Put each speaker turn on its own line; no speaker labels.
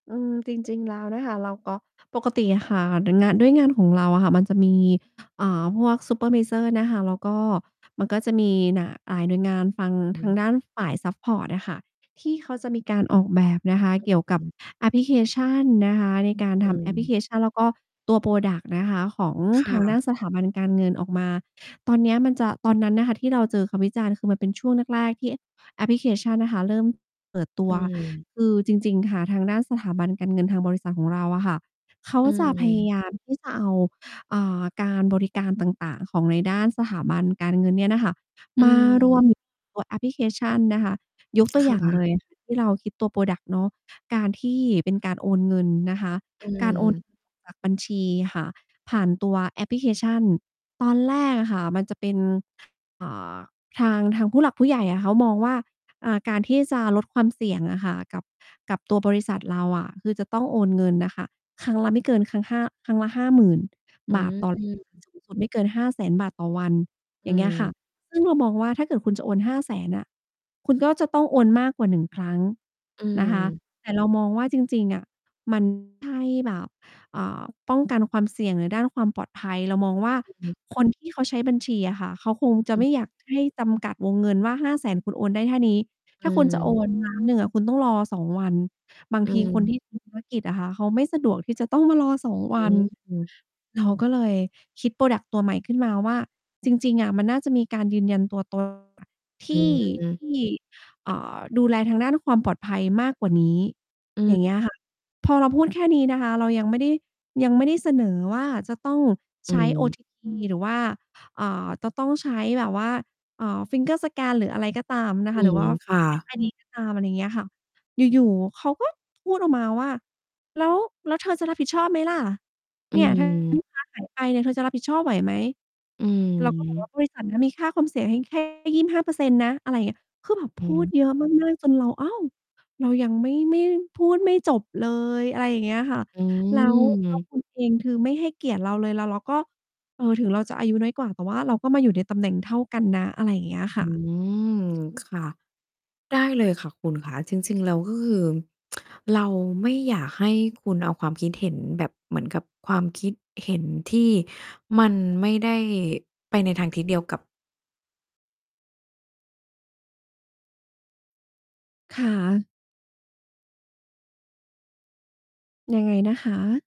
อืม จริง ๆ แล้วนะคะ เราก็ปกติอะค่ะ ด้วยงาน ด้วยงานของเราอะค่ะมันจะมี อ่า พวกซูเปอร์ไวเซอร์นะคะ แล้วก็มันก็จะมีน่ะ หลายหน่วยงานฝั่ง
อ
ทา
ื
ง
ม
ด้านฝ่ายซัปพอร์ตอะค่ะ ที่เขาจะมีการออกแบบนะคะเกี่ยวกับแอปพลิเคชันนะคะ ในการ
อ
ท
ื
ำแอปพลิเ
ม
คชัน แล้วก็ตัว พรอดักต์ นะคะ ของ
ค่
ทางด้า
ะ
นสถาบันการเงินออกมา ตอนเนี้ยมันจะ ตอนนั้นนะค่ะที่เราเจอคำวิจารณ์ คือมันเป็นช่วงแรก ๆ ที่แอ แอปพลิเคชันนะคะเริ่มเปิดตั
อ
ว
ืม
คือจริง ๆ ค่ะ ทางด้านสถาบันการเงินทางบริษัทของเราอะค่ะ เขา
อื
จะพยา
ม
ยามที่จะเอา อ่า การบริการต่าง ๆ ของในด้านสถาบันการเงินเนี่ยนะคะ
อ
มา รว
ืม
มตัวแอปพลิเคชันนะคะ ยกตัว
ค
อย่าง
่
เล
ะ
ย ที่เราคิดตัว พรอดักต์ เนาะ การที่เป็นการโอนเงินนะคะ
อื
การ โอน
ม
เงินจาก บัญชีค่ะผ่านตัวแอปพลิเคชัน ตอนแรกอะค่ะมันจะเป็น อ่า ทาง ทางผู้หลักผู้ใหญ่อะเขามองว่า อ่า การที่จะลดความเสี่ยงอะค่ะ กับ กับตัวบริษัทเราอะ คือจะต้องโอนเงินน่ะค่ะ ครั้งละไม่เกินครั้ง 5 ครั้งละ 50,000
อ
บาท
ื
ต่อ
ม
สูงสุดไม่เกิน 500,000 บาทต่อวัน
อ
อ
ื
ย่างเงี้ยค่ะ
ม
ซึ่งเรามองว่า ถ้าเกิดคุณจะโอน 500,000 อะ คุณก็จะต้องโอนมากกว่า 1 ครั้ง
อื
นะคะ
ม
แต่เรามองว่าจริง ๆ อะ มันไม่ ใช่แบบ อ่า ป้องกันความเสี่ยงในด้านความปลอดภัย เรามองว่า
อือฮึ
คน ที่เขาใช้บัญชีอะค่ะ เขาคงจะ
อื
ไ
อ
ม่อย
ฮึ
ากให้จำกัดวงเงินว่า 500,000 คุณโอนได้แค่นี้
อ
ถ
ื
้าคุณ จะโอ
ม
น 1,000,000 อะ คุณต้องรอ 2 วัน บาง
อ
ทีคน ท
ืม
ี่ทำธุรกิจ อะค่ะ เขาไม่สะดวกที่จะต้องมารอ 2
อ
วัน
ืม
เราก็เลยคิด พรอดักต์ ตัวใหม่ขึ้นมาว่า จริง ๆ อะมันน่าจะมีการยืนยันตัว ตนอะ ท
อ
ี่ ท
ืม
ี่ เอ่อ ดูแลทางด้านความปลอดภัยมากกว่านี้
อื
อย่า
ม
งเงี้ย ค่ะ พอเราพูดแค่นี้นะคะ เรายังไม่ได้ ยังไม่ได้เสนอว่าจะต้อง
อ
ใ
ื
ช้
ม
OTP หรือว่า เอ่อ จะต้องใช้แบบว่า เอ่อ finger scan หรืออะไรก็ตามนะ
อ
ค
ื
ะ หรื
ม
อว่า
ค่ะ
ก็ตาม อะไรอย่างเงี้ยค่ะ อยู่ ๆ เขาก็พูดออกมาว่า "แล้ว แล้วเธอจะรับผิดชอบไหมล่ะ
อ
เนี่ย ถ้าเงิน
ืม
ลูกค้า หายไปเนี่ย เธอจะรับผิดชอบไหวไหม"
อื
เรา ก็บอกว่
ม
า "บริษัท น่ะมีค่าความเสี่ยงให้ แค่ 25% นะ" อะไรอย่างเงี้ย คือแบบ
อ
พูด
ืม
เยอะ มาก ๆ จนเรา อ้าว เรายังไม่ ไม่ พูดไม่จบเลย อะไรอย่างเงี้ยค่ะ
อื
แล้ว แล้ว
ม
คุณ เอง คือไม่ให้เกียรติเราเลย แล้วเราก็ เอ่อ ถึงเราจะอายุน้อยกว่า แต่ว่าเราก็มาอยู่ในตำแหน่งเท่ากันนะ อะไรอย่างเงี้ยค
อื
่ะ
ม ค่ะ ได้เลยค่ะคุณขา จริง ๆ แล้ว ก็คือ เราไม่อยากให้คุณเอาความคิดเห็นแบบ เหมือนกับความคิดเห็นที่มันไม่ได้ไปในทางทิศเดียวกับ
ค่ะ ยังไงนะคะ?